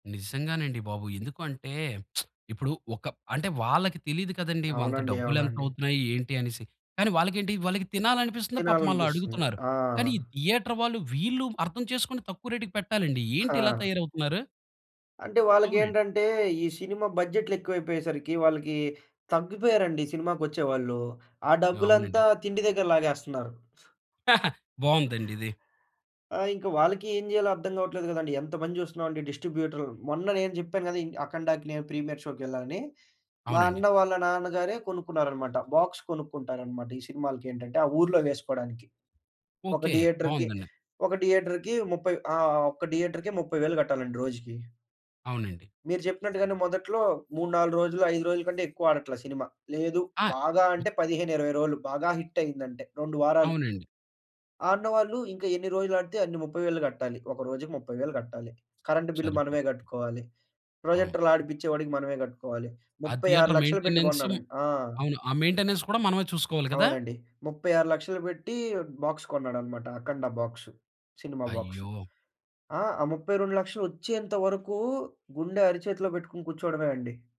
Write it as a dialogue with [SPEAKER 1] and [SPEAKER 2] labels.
[SPEAKER 1] నిజంగానండి బాబు! ఎందుకు అంటే ఇప్పుడు ఒక అంటే వాళ్ళకి తెలీదు కదండీ. అంత
[SPEAKER 2] అవునండి.
[SPEAKER 1] డబ్బులేంత
[SPEAKER 2] అవునండి.
[SPEAKER 1] అవుతున్నాయి? ఏంటి? అనేసి. కానీ వాళ్ళకేంటి వాళ్ళకి తినాలనిపిస్తుంది పాపం ఆళ్ళు
[SPEAKER 2] తినాలనిపిస్తుంది.
[SPEAKER 1] అడుగుతున్నారు.
[SPEAKER 2] ఆ!
[SPEAKER 1] కానీ ఈ థియేటర్ వాళ్ళు వీళ్ళు అర్థం చేసుకొని తక్కువ రేట్‌కి పెట్టాలండి. ఏంటి ఇలా
[SPEAKER 2] హా!
[SPEAKER 1] తయారవుతున్నారు?
[SPEAKER 2] అంటే
[SPEAKER 1] అవునండి.
[SPEAKER 2] వాళ్ళకేంటంటే ఈ సినిమా బడ్జెట్‌లేక్కువైపోయేసరికి వాళ్ళకి తగ్గిపోయారండి సినిమాకొచ్చేవాళ్ళు. ఆ
[SPEAKER 1] అవునండి.
[SPEAKER 2] డబ్బులంతా తిండి దగ్గర లాగేస్తున్నారు.
[SPEAKER 1] బావుందండి ఇది.
[SPEAKER 2] ఆ! ఇంక వాళ్ళకి ఏం జేయాలో అర్థం గావట్లేదు గదండీ. ఎంత మంది జూస్తున్నామండి డిస్ట్రిబ్యూటర్. మొన్న నేను జేప్పాను గదా! ఇన్ అఖండా‌కి నేను ప్రీమియర్ షో‌కేళ్ళానని. మా
[SPEAKER 1] అవునండి.
[SPEAKER 2] అన్న వాళ్ళ నాన్నగారే కొనుక్కున్నారన్నమాట. బాక్స్ కొనుక్కుంటారన్నమాట. ఈ సినిమాలకేటంటే ఆ ఊర్లో వేసుకోడానికి. ఒక
[SPEAKER 1] ఓకే.
[SPEAKER 2] థియేటర్‌కి
[SPEAKER 1] బావుందండి.
[SPEAKER 2] ఒక థియేటర్‌కి 30 ఆ! ఒక్క థియేటర్‌కి 30,000 గట్టాలండి రోజుకి.
[SPEAKER 1] అవునండి.
[SPEAKER 2] మీరు చెప్పినట్టుగానే మొదట్లో 3, 4 రోజులు 5 రోజుల కంటే ఎక్కువ ఆడట్ల సినిమా. లేదు,
[SPEAKER 1] ఆ!
[SPEAKER 2] బాగా అంటే 15, 20 రోలు. బాగా హిట్ అయిందంటే 2 వారాలు.
[SPEAKER 1] అవునండి.
[SPEAKER 2] ఆడిన వాళ్ళు ఇంకా ఎన్ని రోజులు ఆడితే అన్ని 30,000 గట్టాలి. ఒక రోజుకి 30,000 గట్టాలి. Current bill
[SPEAKER 1] సరిపోయరు.
[SPEAKER 2] మనమే గట్టుకోవాలి.
[SPEAKER 1] అవును.
[SPEAKER 2] ప్రొజెక్టర్‌లు ఆడిపించే వాడికి మనమే గట్టుకోవాలి.
[SPEAKER 1] ఆ
[SPEAKER 2] ముప్పై ఆరు
[SPEAKER 1] థియేటర్
[SPEAKER 2] లక్షలు పెట్టి
[SPEAKER 1] మెయింటెనెన్స్
[SPEAKER 2] కొన్నాడం ఆ!
[SPEAKER 1] అవును. ఆ మెయింటెనెన్స్ కూడా మనమే చూసుకోవాలి కదా?
[SPEAKER 2] అవునండి. 36,00000 బెట్టి బాక్స్ కొన్నాడనమాట. 'అఖండ బాక్స్.' సినిమా బాక్స్.
[SPEAKER 1] అయ్యో!
[SPEAKER 2] ఆ! ఆ 32,00000 ఒచ్చేంత వరకు గుండె అరిచేతిలో పెట్టుకొని కూర్చోవడమే అండి.